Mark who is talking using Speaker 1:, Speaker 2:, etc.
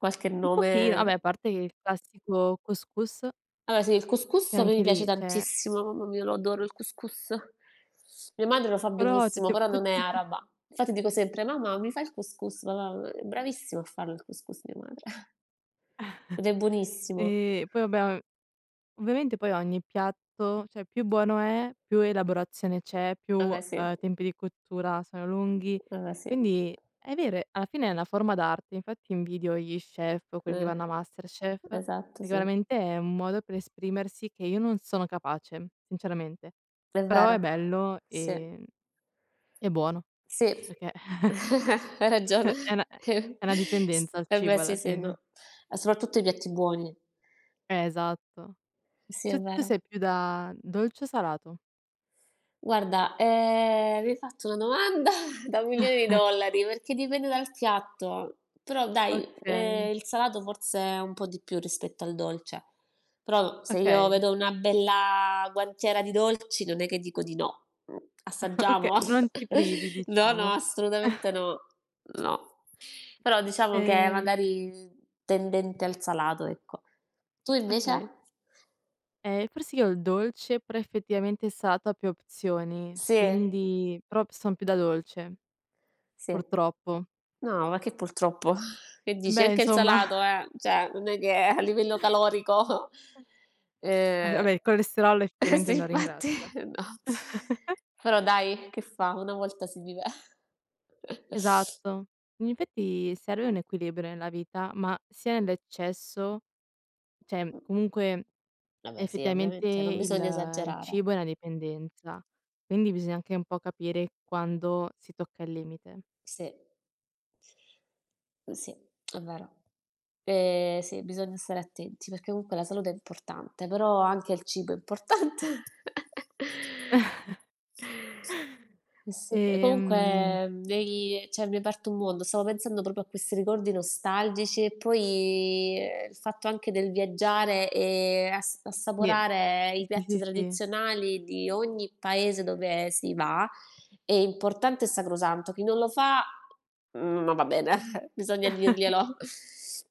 Speaker 1: Qualche
Speaker 2: Un pochin vabbè
Speaker 1: nome?
Speaker 2: a parte il classico cous cous
Speaker 1: Allora sì, il cous
Speaker 2: che
Speaker 1: cous a me mi
Speaker 2: anche
Speaker 1: piace
Speaker 2: lì, cioè
Speaker 1: tantissimo, mamma mia, lo adoro il cous cous. Mia madre lo fa
Speaker 2: Però
Speaker 1: benissimo,
Speaker 2: tutto p
Speaker 1: però non è
Speaker 2: tutti i p
Speaker 1: araba. Infatti dico sempre: "Mamma, mi fa il cous cous?" Ma mam è bravissima a farlo il cous cous mia madre. Ed è buonissimo.
Speaker 2: E poi vabbè o ovviamente poi ogni piatto cioè più buono è, più elaborazione c'è, più,
Speaker 1: A me sì.
Speaker 2: uhm, tempi di cottura sono lunghi,
Speaker 1: Eh, sì.
Speaker 2: quindi è vero e alla fine è una forma d'arte, infatti invidio gli chef o quelli che
Speaker 1: Mh.
Speaker 2: vanno a MasterChef,
Speaker 1: Esatto,
Speaker 2: perché
Speaker 1: sì.
Speaker 2: veramente è un modo per esprimersi che io non sono capace sinceramente,
Speaker 1: È
Speaker 2: però
Speaker 1: vero,
Speaker 2: è bello,
Speaker 1: sì.
Speaker 2: ehm, e buono,
Speaker 1: Sì,
Speaker 2: perché
Speaker 1: hai ragione.
Speaker 2: È una è è una
Speaker 1: s
Speaker 2: dipendenza il
Speaker 1: eh beh,
Speaker 2: cibo
Speaker 1: sì,
Speaker 2: alla
Speaker 1: sì,
Speaker 2: fine.
Speaker 1: no, ma soprattutto i piatti buoni.
Speaker 2: Ehm, esatto.
Speaker 1: Eh sì,
Speaker 2: S
Speaker 1: è
Speaker 2: tu
Speaker 1: vero.
Speaker 2: sei più da dolce o salato?
Speaker 1: Guarda, ehm, mi hai fatto una domanda da milioni di dollari, perché dipende dal piatto. Però dai,
Speaker 2: Okay.
Speaker 1: ehm, il salato forse è un po' di più rispetto al dolce. Però se io
Speaker 2: Okay.
Speaker 1: vedo una bella guantiera di dolci, non è che dico di no, mhmm,
Speaker 2: Oka
Speaker 1: assaggiamo?
Speaker 2: non ti privi
Speaker 1: No, no,
Speaker 2: diciamo.
Speaker 1: assolutamente no, no. Però diciamo che
Speaker 2: Ehm
Speaker 1: magari, mhmm, tendente al salato, ecco. Tu
Speaker 2: Okay.
Speaker 1: invece?
Speaker 2: Ehm, forse io il dolce, però effettivamente il salato ha più opzioni,
Speaker 1: Sì.
Speaker 2: quindi però p son più da dolce,
Speaker 1: Sì.
Speaker 2: purtroppo.
Speaker 1: No, ma che purtroppo, che
Speaker 2: Eh,
Speaker 1: dici?
Speaker 2: beh
Speaker 1: Anche il
Speaker 2: insomma.
Speaker 1: salato, eh, cioè, non è che a livello calorico,
Speaker 2: Ah
Speaker 1: ehm
Speaker 2: vabbè, il colesterolo
Speaker 1: eh
Speaker 2: effettivamente
Speaker 1: sì,
Speaker 2: non
Speaker 1: infatti
Speaker 2: ringrazia.
Speaker 1: no. Però dai che fa? Una volta si vive.
Speaker 2: Esatto. In effetti serve un equilibrio nella vita, ma sia nell'eccesso, cioè, comunque,
Speaker 1: Vabbè sì, e
Speaker 2: effettivamente,
Speaker 1: ovviamente, non
Speaker 2: il
Speaker 1: bisogna
Speaker 2: il
Speaker 1: esagerare.
Speaker 2: cibo è una dipendenza, quindi bisogna anche un po' capire quando si tocca il limite.
Speaker 1: Sì. Mh, sì, è vero. Eh sì, bisogna stare attenti perché comunque la salute è importante, però anche il cibo è importante. Eh, sì. E
Speaker 2: Ehm
Speaker 1: comunque mi hai cioè mi hai aperto un mondo, stavo pensando proprio a questi ricordi nostalgici e poi, ehm, il fatto anche del viaggiare e ass
Speaker 2: Ni,
Speaker 1: assaporare i
Speaker 2: sì, sì,
Speaker 1: piatti
Speaker 2: sì, sì.
Speaker 1: tradizionali di ogni paese dove si va, è importante e sacrosanto. Chi non lo fa, mhmm, non va bene, bisogna dirglielo.